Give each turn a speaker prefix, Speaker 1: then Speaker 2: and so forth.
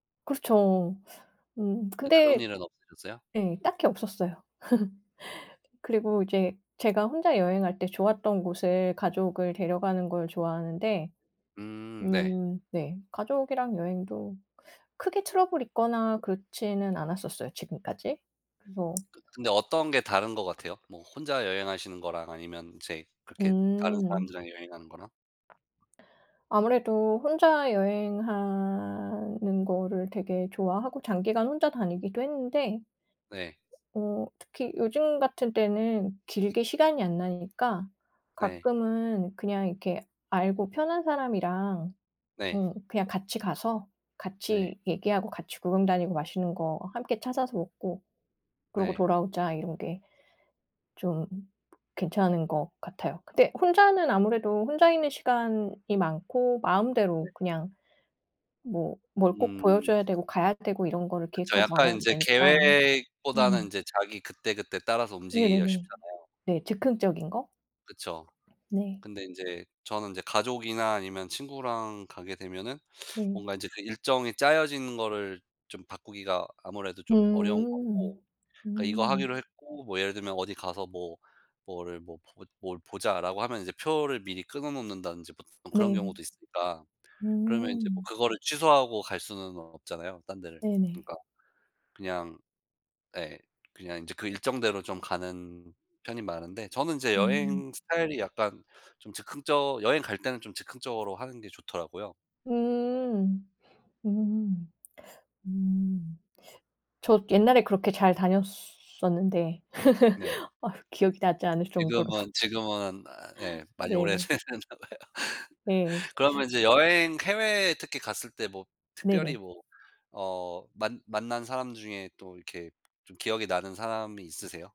Speaker 1: 그렇죠. 음
Speaker 2: 근데 그런
Speaker 1: 근데
Speaker 2: 일은 없으셨어요?
Speaker 1: 네 딱히 없었어요. 그리고 이제 제가 혼자 여행할 때 좋았던 곳을 가족을 데려가는 걸 좋아하는데.
Speaker 2: 음. 네.
Speaker 1: 음 네. 가족이랑 여행도 크게 트러블이 있거나 그렇지는 않았었어요 지금까지. 그래서
Speaker 2: 근데 어떤 게 다른 거 같아요? 뭐 혼자 여행하시는 거랑 아니면 이제 그렇게 다른
Speaker 1: 음.
Speaker 2: 사람들이랑 여행하는 거랑?
Speaker 1: 아무래도 혼자 여행하는 거를 되게 좋아하고 장기간 혼자 다니기도 했는데.
Speaker 2: 네.
Speaker 1: 어 특히 요즘 같은 때는 길게 시간이 안 나니까
Speaker 2: 네.
Speaker 1: 가끔은 그냥 이렇게 '알고 편한 사람이랑
Speaker 2: 네.
Speaker 1: 응 그냥 같이 가서
Speaker 2: 네.
Speaker 1: 같이 얘기하고 같이 구경 다니고 맛있는 거 함께 찾아서 먹고 그러고
Speaker 2: 네.
Speaker 1: 돌아오자.' 이런 게 좀 괜찮은 것 같아요. 근데 혼자는 아무래도 혼자 있는 시간이 많고
Speaker 2: 네.
Speaker 1: 마음대로 그냥 뭐 뭘 꼭 보여
Speaker 2: 음.
Speaker 1: 줘야 되고 가야 되고 이런 거를
Speaker 2: 그쵸.
Speaker 1: 계획하지
Speaker 2: 약간
Speaker 1: 않아도
Speaker 2: 인제
Speaker 1: 되니까.
Speaker 2: 계획보다는
Speaker 1: 음.
Speaker 2: 인제 자기 그때그때 따라서 움직이기가
Speaker 1: 네네네.
Speaker 2: 쉽잖아요.
Speaker 1: 네. 즉흥적인 거?
Speaker 2: 그쵸.
Speaker 1: 네.
Speaker 2: 근데 인제 저는 이제 가족이나 아니면 친구랑 가게 되면은
Speaker 1: 네.
Speaker 2: 뭔가 이제 그 일정이 짜여지는 거를 좀 바꾸기가 아무래도 좀 어려운 거고.
Speaker 1: 음.
Speaker 2: 그러니까 이거
Speaker 1: 음.
Speaker 2: 하기로 했고 뭐 예를 들면 "어디 가서 뭐 뭐를 뭐 뭘 보자."라고 하면 이제 표를 미리 끊어 놓는다든지 뭐 그런
Speaker 1: 네.
Speaker 2: 경우도 있으니까. 그러면 이제 뭐
Speaker 1: 음.
Speaker 2: 그거를 취소하고 갈 수는 없잖아요 딴 데를.
Speaker 1: 네네.
Speaker 2: 그러니까 그냥 예. 그냥 이제 그 일정대로 좀 가는 편이 많은데 저는 이제
Speaker 1: 음.
Speaker 2: 여행 스타일이 약간 좀 즉흥적 여행 갈 때는 좀 즉흥적으로 하는 게 좋더라고요.
Speaker 1: 음. 음. 음. 저 옛날에 그렇게 잘 다녔었는데.
Speaker 2: 네.
Speaker 1: 아 기억이 나지 않을 정도로.
Speaker 2: 지금은, 지금은 아 예 많이
Speaker 1: 네.
Speaker 2: 오래되셨나 봐요.
Speaker 1: 네.
Speaker 2: 그러면 이제 여행 해외에 특히 갔을 때 뭐 특별히
Speaker 1: 네네.
Speaker 2: 뭐 어 만 만난 사람 중에 또 이렇게 좀 기억이 나는 사람이 있으세요?